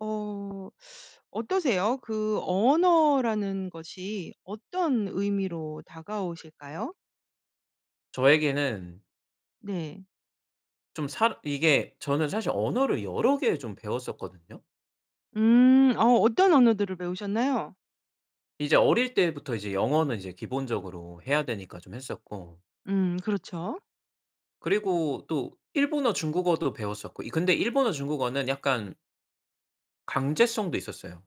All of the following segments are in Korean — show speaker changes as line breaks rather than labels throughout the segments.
어 어떠세요? 그 언어라는 것이 어떤 의미로 다가오실까요?
저에게는
네.
좀 사 이게 저는 사실 언어를 여러 개 좀 배웠었거든요.
음 어 어떤 언어들을 배우셨나요?
이제 어릴 때부터 이제 영어는 이제 기본적으로 해야 되니까 좀 했었고
음 그렇죠.
그리고 또 일본어, 중국어도 배웠었고 이 근데 일본어 중국어는 약간 강제성도 있었어요.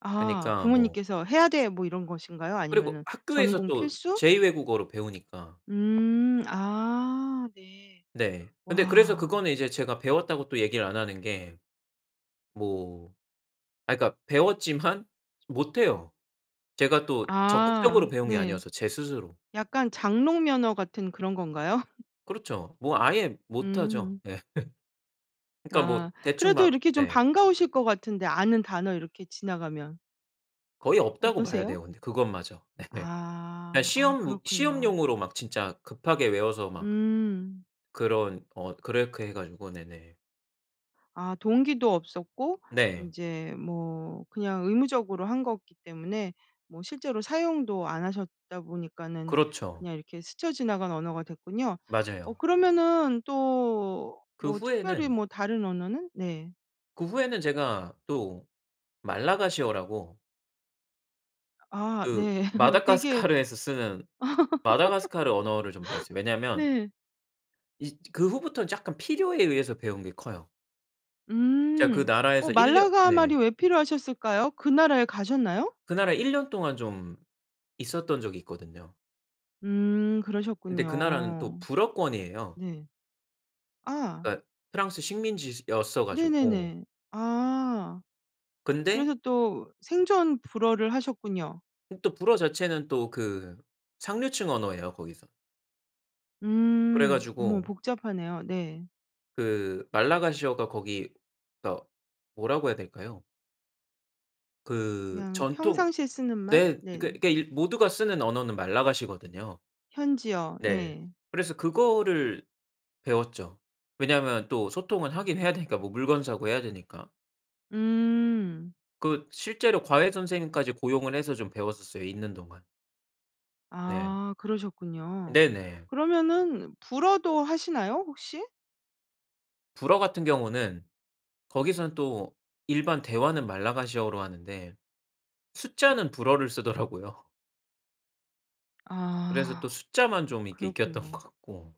아
그니까 뭐
부모님께서 "해야 돼." 뭐 이런 것인가요?
그리고
아니면은
학교에서
전공
또
필수?
제 2 외국어로 배우니까.
음. 아 네.
네. 근데 그래서
와.
그거는 이제 제가 배웠다고 또 얘기를 안 하는 게 뭐 아 그니까 배웠지만 못 해요. 제가 또 적극적으로
아
배운 게
네.
아니어서 제 스스로.
약간 장롱면허 같은 그런 건가요?
그렇죠. 뭐 아예 못하죠.
음.
예. 그러니까 뭐
아
대충
그래도
막
이렇게 좀
네.
반가우실 것 같은데 아는 단어 이렇게 지나가면.
거의 없다고 봐야
어떠세요?
돼요 근데 그것마저. 네. 그냥
아. 아
시험
그렇군요.
시험용으로 막 진짜 급하게 외워서 막
음.
그런 어 그렇게 해 가지고. 네네.
아 동기도 없었고
네.
인제 뭐 그냥 의무적으로 한 거기 때문에 뭐 실제로 사용도 안 하셨다 보니까는
그렇죠.
그냥 이렇게 스쳐 지나간 언어가 됐군요. 어
맞아요.
그러면은 또
그
뭐 특별히
후에는
뭐 다른 언어는 네.
그 후에는 제가 또 말라가시어라고
아
그
네. 되게
마다가스카르에서 쓰는 마다가스카르 언어를 좀 배웠어요. 왜냐하면
네.
이 그 후부터는 약간 필요에 의해서 배운 게 커요. 제가 그
음. 어
나라에서 1 년
말라가 말이
네.
왜 필요하셨을까요? 그 나라에 가셨나요?
그 나라에 1 년 동안 좀 있었던 적이 있거든요.
음
근데 그 나라는 또
그러셨군요.
불어권이에요.
네. 아.
그러니까 프랑스 식민지 시 였어 가지고
네네네. 아.
근데
그래서 또 생존 불어를 하셨군요.
음 또 불어 자체는 또 그 상류층 언어예요 거기서. 그래
음 어머
가지고
복잡하네요. 네.
그 말라가시어가 거기 더 뭐라고 해야 될까요? 그
그냥
전통
평상시에 쓰는 말?
네
네.
그 그러니까 모두가 쓰는 언어는 말라가시거든요.
현지어.
네.
네.
그래서 그거를 배웠죠. 왜냐하면 또 소통은 하긴 해야 되니까 뭐 물건 사고해야 되니까.
음.
그 실제로 과외 선생님까지 고용을 해서 좀 배웠었어요 있는 동안. 네.
아. 그러셨군요.
네네.
그러면은 불어도 하시나요? 혹시?
불어 같은 경우는 거기서는 또 일반 대화는 말라가시어로 하는데 숫자는 불어를 쓰더라고요. 그래서
아
또 숫자만 좀 이렇게 익혔던 것
그렇군요.
같고.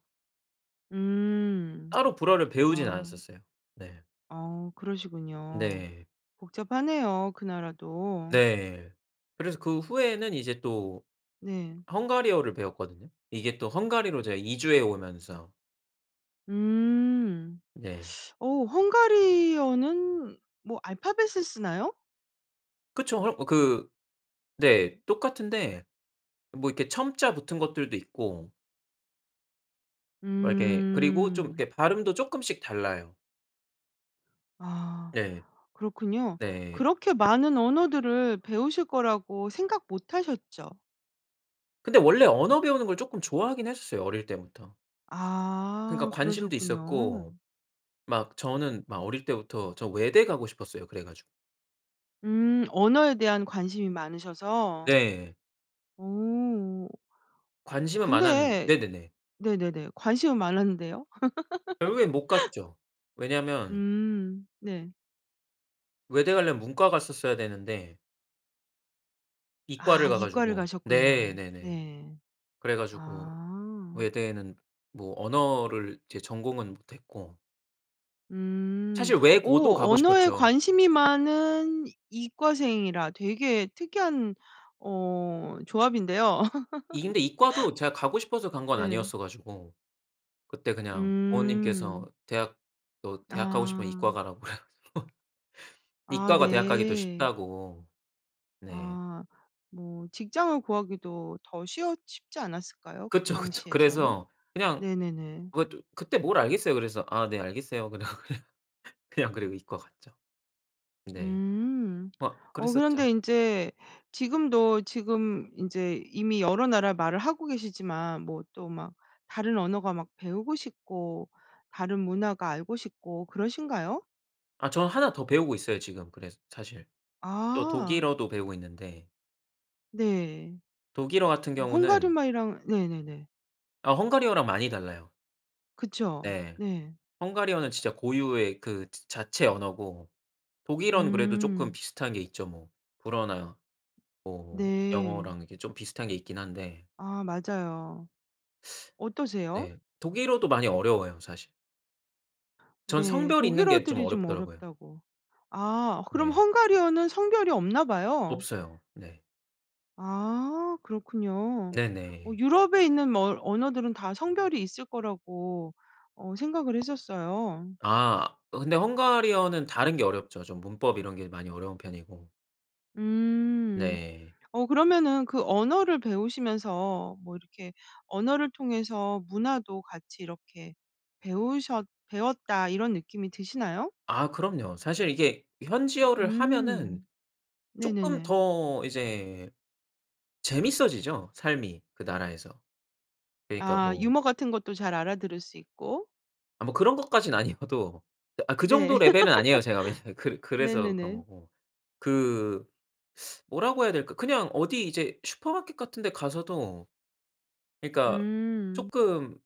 음
따로 불어를 배우진
아.
않았었어요. 네.
아 그러시군요.
네.
복잡하네요 그 나라도.
네. 그래서 그 후에는 이제 또
네.
헝가리어를 배웠거든요. 이게 또 헝가리로 제가 이주해 오면서.
음
네.
어 헝가리어는 뭐 알파벳을 쓰나요?
그쵸. 헐 어 그 네. 똑같은데 뭐 이렇게 첨자 붙은 것들도 있고 뭐 이렇게 그리고 좀
음.
이렇게 발음도 쪼끔씩 달라요.
아
네.
그렇군요.
네.
그렇게 많은 언어들을 배우실 거라고 생각 못 하셨죠?
근데 원래 언어 배우는 걸 쪼끔 좋아하긴 했었어요 어릴 때부터. 그러니까
아
관심도
그러셨군요.
있었고 막 저는 막 어릴 때부터 저 외대 가고 싶었어요 그래 가지고.
음 언어에 대한 관심이 많으셔서.
네.
어.
관심은 많았는
근데
네네네.
네네네. 관심은 많았는데요.
결국엔 못 갔죠. 왜냐면
음 네.
외대 가려면 문과 갔었어야 되는데
아
이과를 가
이과를
가지고 네
가셨군요.
네네.
네.
그래 가지고
아.
외대는 뭐 언어를 이제 전공은 못 했고
음.
사실
어
외고도 가고
언어에
싶었죠.
관심이 많은 이과생이라. 되게 특이한 어 조합인데요.
이 근데 이과도 제가 가고 싶어서 간 건
네.
아니었어 가지고. 그때 그냥 부모님께서
음.
대학 너 대학 가고 싶으면
아.
이과 가라고 그래 가지고.
아
이과가 대학가기 더
네.
쉽다고. 네.
아. 뭐 직장을 구하기도 더 쉬웠 쉽지 않았을까요? 그
그쵸, 그쵸.
당시에서는?
그래서 그냥
네네네.
그것도 그때 뭘 알겠어요. 그래서 "아 네, 알겠어요." 그러고 그냥 그냥 그리고 이과 갔죠. 네.
음.
뭐
어
그랬었죠.
그런데 인제 지금도 지금 인제 이미 여러 나라 말을 하고 계시지만 뭐 또 막 다른 언어가 막 배우고 싶고 다른 문화가 알고 싶고 그러신가요?
아 저는 1 더 배우고 있어요, 지금. 그래스 사실. 또
아.
독일어도 배우고 있는데
네.
독일어 같은
어 헝가리
경우는
말이랑 네네네.
아 헝가리어랑 많이 달라요.
그쵸?
네.
네.
헝가리어는 진짜 고유의 그 즈 자체 언어고 독일어는 그래도 쪼끔
음.
비슷한 게 있죠. 뭐 불어나 뭐
네.
영어랑 이렇게 좀 비슷한 게 있긴 한데.
아 맞아요. 어떠세요?
네. 독일어도 많이 어려워요 사실. 전
네
성별이 있는 게 좀
독일어들이 좀
어렵더라고요.
어렵다고 아 그럼
네.
헝가리어는 성별이 없나 봐요.
없어요. 네.
아 그렇군요. 어
네네.
유럽에 있는 뭐 어 언어들은 다 성별이 있을 거라고 어 생각을 했었어요.
아 근데 헝가리어는 다른 게 어렵죠. 좀 문법 이런 게 많이 어려운 편이고.
음.
네.
어 그러면은 그 언어를 배우시면서 뭐 이렇게 '언어를 통해서 문화도 같이 이렇게 배우셨 배웠다.' 이런 느낌이 드시나요?
아 그럼요. 사실 이게 현지어를 하면은
음
쪼끔
네네네.
더 이제 재밌어지죠 삶이 그 나라에서. 그러니까
아
뭐
유머 같은 것도 잘 알아들을 수 있고.
아 뭐 그런 것까진 아니어도 아 그
네.
정도 레벨은 아니에요 제가. 왜냐하면 그 그래서 그런
네네네.
거고. 그 뭐라고 해야 될까. 그냥 어디 이제 슈퍼마켓 같은 데 가서도 그러니까
음.
쪼끔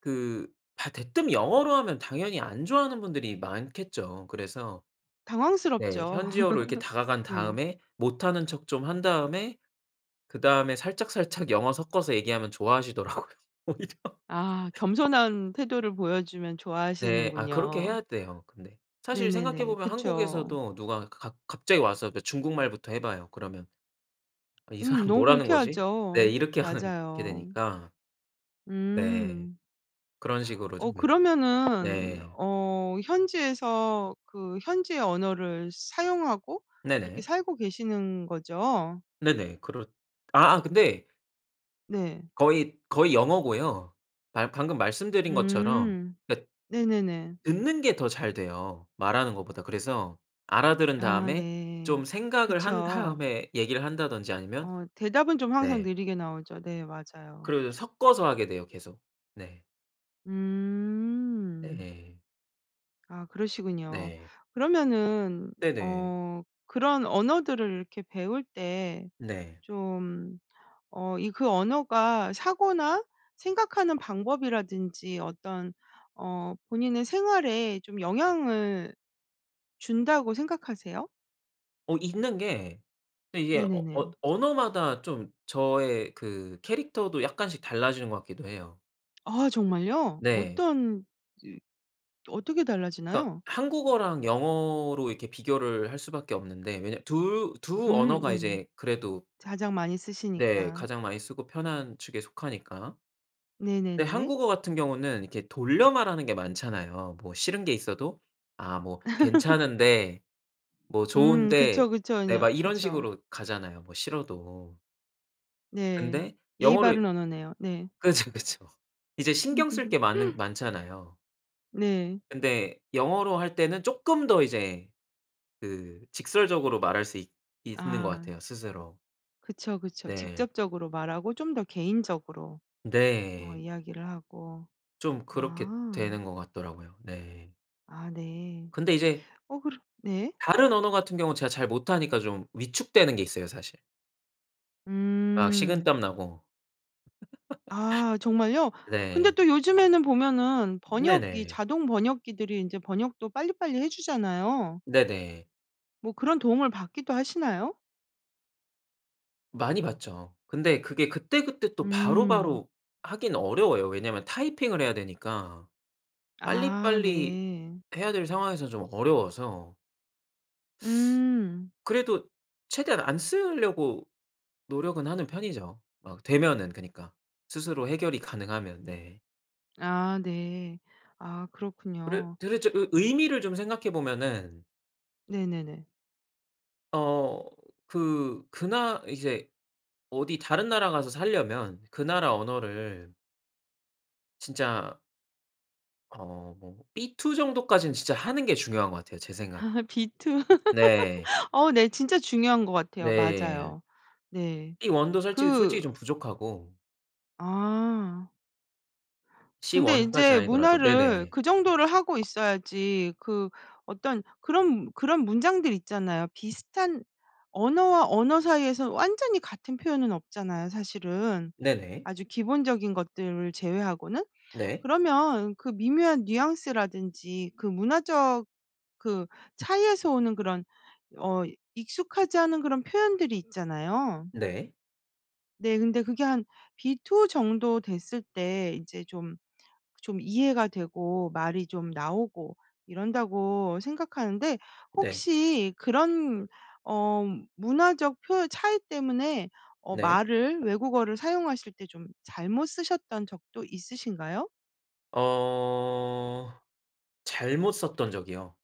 그 다 대뜸 영어로 하면 당연히 안 좋아하는 분들이 많겠죠. 그래서 네
당황스럽죠.
현지어로 이렇게 다가간
네.
다음에 못 하는 척 좀 한 다음에 그다음에 살짝 살짝 영어 섞어서 얘기하면 좋아하시더라고요 오히려.
아 겸손한 태도를 보여주면
네. 아 그렇게
좋아하시는군요.
해야 돼요 근데. 사실
네네네.
생각해보면
그쵸.
한국에서도 누가 가 가 갑자기 와서 그 중국말부터 해봐요. 그러면 '아 이
음
사람
너무
뭐라는 거지?' 네
불쾌하죠.
이렇게 하는 게
맞아요.
되니까. 네.
음.
그런 식으로
어
좀 이러
그러면은
네.
어 현지에서 그 현지의 언어를 사용하고 그렇게
네네.
살고 계시는 거죠?
네네. 그렇 아아
으음.
근데
네.
거의 거의 영어고요. 발 방금 말씀드린 것처럼.
음
그러니깐
네네네.
듣는 게 더 잘 돼요 말하는 것보다. 그래서 알아들은
아
다음에
네.
좀 생각을 한
그쵸.
다음에 얘기를 한다든지 아니면
어 대답은 좀 항상
네.
느리게 나오죠. 네. 맞아요.
그리고 섞어서 하게 돼요 계속. 네.
음.
네.
아 그러시군요.
네.
그러면은
네네.
어 그런 언어들을 이렇게 배울 때
네.
좀 어 이 그 언어가 사고나 생각하는 방법이라든지 어떤 어 본인의 생활에 좀 영향을 준다고 생각하세요?
어 있는 게 근데 이게 어 언
네네네.
언어마다 좀 저의 그 캐릭터도 약간씩 달라지는 것 같기도 해요.
아, 정말요?
네.
어떤 어떻게
그러니까
달라지나요?
한국어랑 영어로 이렇게 비교를 할 수밖에 없는데. 왜냐 2 2
음
언어가
네네.
이제 그래도
가장 많이
네.
쓰시니까.
가장 많이 쓰고 편한 축에 속하니까. 근데
네네네.
한국어 같은 경우는 이렇게 돌려 말하는 게 많잖아요. 뭐 싫은 게 있어도 아 뭐 "괜찮은데. 뭐
음
좋은데."
그쵸, 그쵸
네
인요
막 이런
그쵸.
식으로 가잖아요, 뭐 싫어도.
네.
근데
예의 바른
영어를
언어네요. 네.
그쵸, 그쵸. 이제 신경 쓸 게 많은 많잖아요.
네.
근데 영어로 할 때는 쪼끔 더 이제 그 직설적으로 말할 수 있 있는 것
아.
같아요 스스로.
그쵸, 그쵸.
네.
직접적으로 말하고 좀 더 개인적으로 어
네.
이야기를 하고.
좀 그렇게
아.
되는 것 같더라고요. 네.
아 네.
근데 이제
어 그러 네.
다른 언어 같은 경우는 제가 잘 못 하니까 좀 위축되는 게 있어요 사실. 막
음.
식은땀 나고.
아 정말요? 근데
네.
또 요즘에는 보면은 번역 이
네네.
자동 번역기들이 인제 번역도 빨리빨리 해 주잖아요.
네네.
뭐 그런 도움을 받기도 하시나요?
많이 받죠. 근데 그게 그때그때 또
음.
바로바로 하기는 어려워요. 왜냐면 타이핑을 해야 되니까
아
빨리빨리
네.
해야 될 상황에서 좀 어려워서.
음.
그래도 최대한 안 쓸려고 노력은 하는 편이죠. 막 되면은 그니까. 스스로 해결이 가능하면. 네.
아 네. 아
그래
그렇군요.
도대체 의 의미를 좀 생각해 보면은
네네네.
어 그 그 나 이제 어디 다른 나라 가서 살려면 그 나라 언어를 진짜 어 뭐 B 2 정도까진 진짜 하는 게 중요한 것 같아요, 제 생각엔.
B 2?
네.
어 네 진짜 중요한 것 같아요.
네.
맞아요. 네.
B 1 도 솔직히 솔직히
그
좀 부족하고
아.
C
근데
1 까진
인제
아니더라도
문화를
네네.
그 정도를 하고 있어야지 그 어떤 그런 그런 문장들이 있잖아요. 비슷한 언어와 언어 사이에서 완전히 같은 표현은 없잖아요, 사실은.
네네.
아주 기본적인 것들을 제외하고는.
네.
그러면 그 미묘한 뉘앙스라든지 그 문화적 그 차이에서 오는 그런 어 익숙하지 않은 그런 표현들이 있잖아요.
네.
네. 근데 그게 한 B 2? 정도 됐을 때 '이제 좀 좀 이해가 되고 말이 좀 나오고 이런다.'고 생각하는데
네.
혹시 그런 어 문화적 표현 차이 때문에 어
네.
말을 외국어를 사용하실 때 좀 잘못 쓰셨던 적도 있으신가요?
어 잘못 썼던 적이요.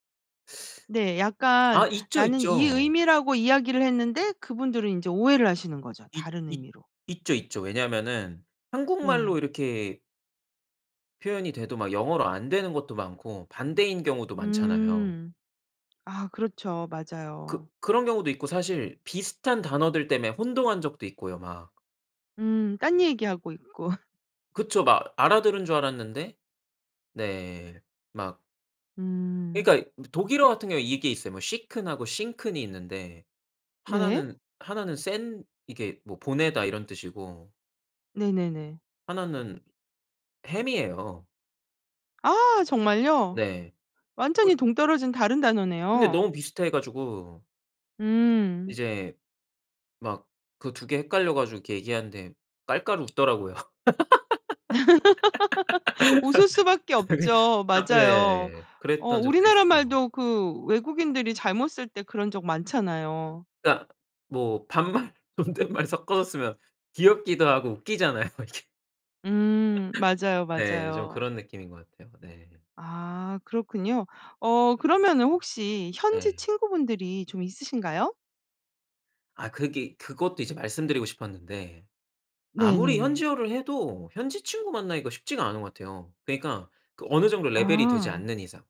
네. 약간
아 있죠,
나는 이
있죠.
의미라고 이야기를 했는데 그분들은 인제 오해를 하시는 거죠
있
다른
있
의미로.
있죠, 있죠. 왜냐면은
네.
한국말로 이렇게 표현이 돼도 막 영어로 안 되는 것도 많고 반대인 경우도 많잖아요.
음. 아 그렇죠.
그
맞아요.
그런 경우도 있고 사실 비슷한 단어들 때문에 혼동한 적도 있고요 막.
음 딴 얘기하고 있고.
그쵸. 막 알아들은 줄 알았는데 네. 막
음.
그러니까 이 뭐 독일어 같은 경우는 이게 있어요. 뭐 쉬큰 하고 싱큰 이 있는데 1
네.
는 1 나는 센 이게 뭐 보내다 이런 뜻이고
네네네.
1 는 햄이에요.
아! 정말요?
네.
완전히
그
동떨어진 다른
근데
단어네요.
너무 비슷해 가지고
음.
이제 막 그 2 개 헷갈려 가지고 이렇게 얘기하는데 깔깔 웃더라고요.
웃을 수밖에 없죠. 맞아요.
예.
어
그랬던 적도
우리나라
있어요.
말도 그 외국인들이 잘못 쓸 때 그런 적 많잖아요.
그러니까 뭐 반말, 존댓말 섞어서 쓰면 귀엽기도 하고 웃기잖아요, 이게.
음. 맞아요,
네, 좀
맞아요.
그런 느낌인 것 같아요. 네.
아 그렇군요. 어 그러면은 혹시 현지
네.
친구분들이 좀 있으신가요?
아 그게 그것도 이제 말씀드리고 싶었는데 아무리
네네네.
현지어를 해도 현지 친구 만나기가 쉽지가 않은 것 같아요. 그러니까 그 어느 정도 레벨이 되지
아.
않는 이상.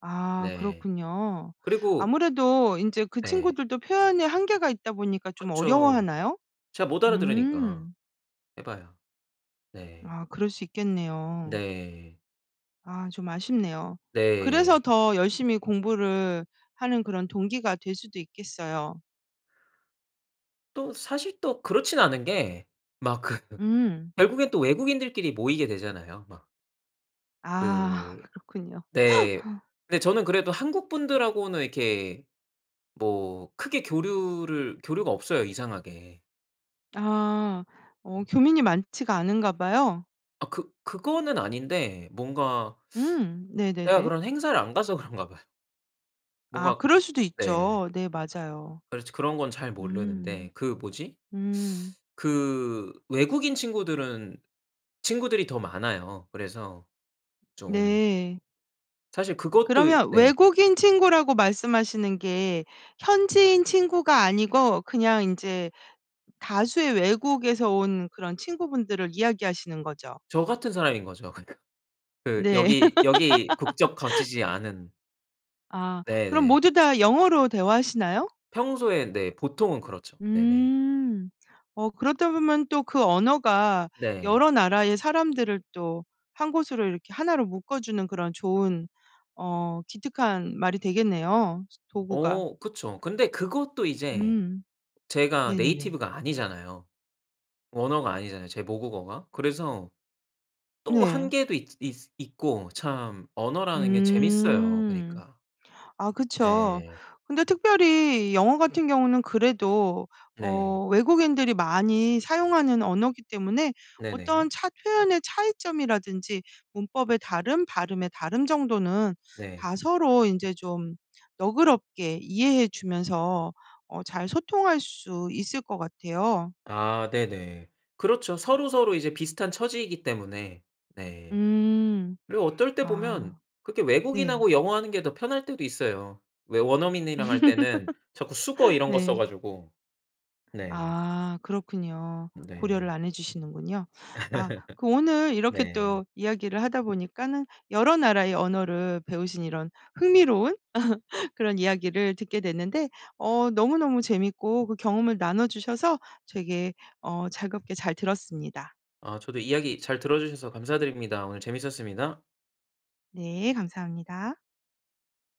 아
네.
그렇군요.
그리고
아무래도 인제 그
네.
친구들도 표현에 한계가 있다 보니까 좀
그쵸.
어려워하나요?
제가 못 알아들으니까
음.
해 봐야. 네.
아 그럴 수
음
있겠네요.
네.
아 좀 아쉽네요. 그래서
네.
더 열심히 공부를 하는 그런 동기가 될 수도 있겠어요.
또 사실 또 그렇진 않은 게 막 그
음.
결국엔 또 외국인들끼리 모이게 되잖아요 막. 그
아 그렇군요.
네. 근데 저는 그래도 한국분들하고는 이렇게 뭐 크게 교류를 교류가 없어요 이상하게.
아. 어 교민이 많지가 않은가 봐요.
아 그 그거는 아닌데 뭔가
음.
제가
네네네.
그런 행사를 안 가서 그런가 봐요.
아
뭔가
그럴 수도
네.
있죠. 네. 맞아요.
그렇지 그런 건 잘
음.
모르는데 그 뭐지?
음.
그 외국인 친구들은 친구들이 더 많아요. 그래서 좀
네.
사실 그것도
그러면
네.
외국인 친구라고 말씀하시는 게 현지인 친구가 아니고 그냥 인제 다수의 외국에서 온 그런 친구분들을 이야기하시는 거죠?
저 같은 사람인 거죠. 그러니까. 그
네.
여기 여기 국적 가지지 않은
아 그럼
네네.
모두 다 영어로 대화하시나요?
평소에 네 보통은 그렇죠. 네네.
음 어 그러다 보면 또 그 언어가
네.
여러 나라의 사람들을 또 1 곳으로 이렇게 1 로 묶어주는 그런 좋은 어 기특한 말이 되겠네요 도구가.
어 그쵸. 근데 그것도 이제
음. 네네네.
제가 네이티브가 아니잖아요. 언어가 아니잖아요 제 모국어가. 그래서 또
네.
한계도 있 있 있고 참 언어라는 게 재밌어요
음.
그니까.
아 그쵸.
네.
근데 특별히 영어 같은 경우는 그래도
네.
어 외국인들이 많이 사용하는 언어기 때문에 어떤
네네.
차 표현의 차이점이라든지 문법의 다름, 발음의 다름 정도는
네.
다 서로 인제 좀 너그럽게 이해해 주면서 어 잘 소통할 수 있을 것 같아요.
아 네네. 그렇죠. 서로서로 이제 비슷한 처지이기 때문에 네.
음.
그리고 어떨 때 보면
아
그렇게
네.
외국인하고 영어하는 게 더 편할 때도 있어요. 왜 원어민이랑 할 때는 자꾸 숙어 이런 거
네.
써가지고. 네.
아. 그렇군요. 고려를
네.
안 해주시는군요. 아 그 오늘 이렇게
네.
또 이야기를 하다 보니까는 여러 나라의 언어를 배우신 이런 흥미로운 그런 이야기를 듣게 됐는데 어 너무너무 재밌고 그 경험을 나눠 주셔서 되게 어 즐겁게 잘 들었습니다.
아 저도 이야기 잘 들어 주셔서 감사드립니다. 오늘 재밌었습니다.
네. 감사합니다.